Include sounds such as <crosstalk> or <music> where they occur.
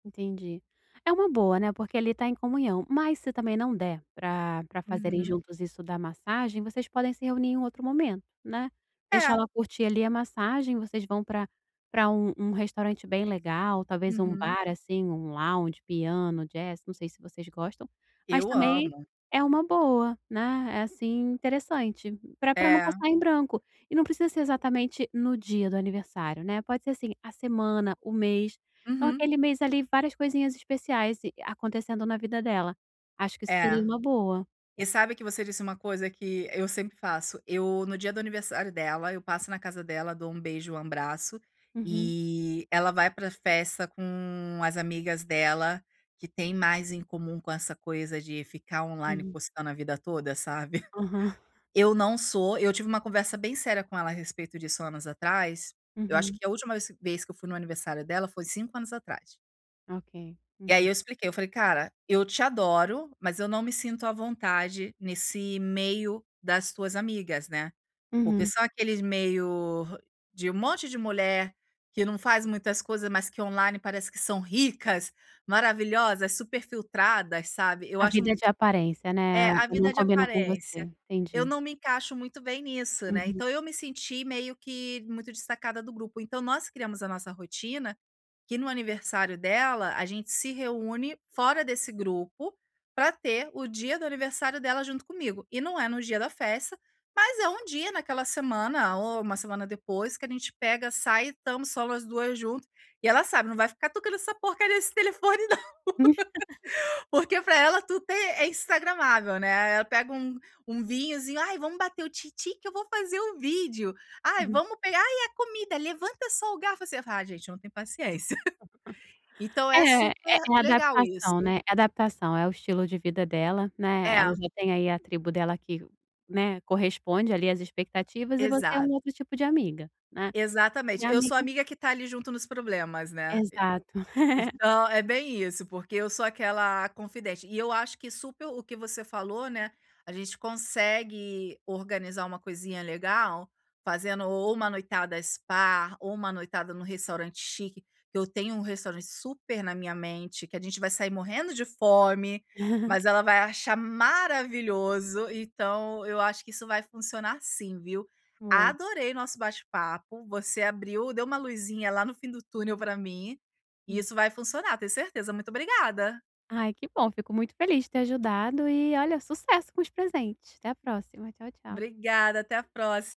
Entendi. É uma boa, né, porque ali tá em comunhão, mas, se também não der pra pra fazerem Uhum. juntos isso da massagem, vocês podem se reunir em um outro momento, né. Deixa É. ela curtir ali a massagem, vocês vão pra pra um um restaurante bem legal, talvez um Uhum. bar, assim, um lounge, piano, jazz, não sei se vocês gostam, mas Eu também amo. é uma boa, né, é, assim, interessante, pra pra não É. passar em branco. E não precisa ser exatamente no dia do aniversário, né, pode ser, assim, a semana, o mês. Então, Uhum. aquele mês ali, várias coisinhas especiais a-acontecendo na vida dela, acho que isso É. seria uma boa. E sabe que você disse uma coisa que eu sempre faço. Eu no dia do aniversário dela, eu passo na casa dela, dou um beijo e um abraço, Uhum. e ela vai pra festa com as amigas dela, que têm mais em comum com essa coisa de ficar online Uhum. postando a vida toda, sabe. <chuckles> Aham. Eu não sou eu tive uma conversa bem séria com ela a respeito disso anos atrás, eu acho Uhum. que a última vez vez que eu fui no aniversário dela foi 5 anos atrás. Ok. E aí, Uhum. eu expliquei, eu falei: "Cara, eu te adoro, mas eu não me sinto à vontade nesse meio das tuas amigas, né." Porque Uhum. são aqueles meio hã, de um monte de mulher que não faz muitas coisas, mas que online parece que são ricas, maravilhosas, superfiltradas, sabe. Eu A acho vida um de pou aparência, É, né, a não vida de combina com aparência. você. Eu Entendi. não me encaixo muito bem nisso, né. Uhum. Então, eu me senti meio que muito destacada do grupo. Então, nós criamos a nossa rotina, que no aniversário dela, a gente se reúne fora desse grupo, pra ter o dia do aniversário dela junto comigo. E não é no dia da festa, mas é um dia naquela semana ou uma semana depois que a gente pega, sai e estamos só nós duas junto. E ela sabe, não vai ficar tocando essa porcaria desse telefone, não. <laughs> <laughs> Porque para ela tudo tem é Instagramável né, ela pega um um vinhozinho: "Ai, vamos bater o tim tim que eu vou fazer o vídeo. Ai Uhum. vamos pegar ai e a comida, levanta só o garfo." Assim, ai gente, eu não tem paciência. <chuckles> <chuckles> Então, é É, é super a legal adaptação, isso. né, adaptação é o estilo de vida dela, né, ela É. já tem aí a tribo dela que, né, corresponde ali às expectativas, e você é Exato. um outro tipo de amiga né, e Exatamente, eu sou amiga amiga que tá ali junto nos problemas, né. E Exato. <chuckles> então, é bem isso, porque eu sou aquela a confidente. E eu acho que super o que você falou, né, a gente consegue organizar uma coisinha legal, fazendo ou uma noitada spa, ou uma noitada em um restaurante chique. Eu tenho um restaurante super na minha mente, que a gente vai sair morrendo de fome, <chuckles> mas ela vai achar maravilhoso. Então, eu acho que isso vai funcionar, sim, viu. Boa. Adorei nosso bate-papo, você abriu deu uma luzinha lá no fim do túnel pra mim, e Hum. isso vai funcionar, tenho certeza. Muito obrigada. Ai, que bom, fico muito feliz de ter ajudado. E olha, sucesso com os presentes. Até a próxima. Tchau, tchau. Obrigada, até a próxima.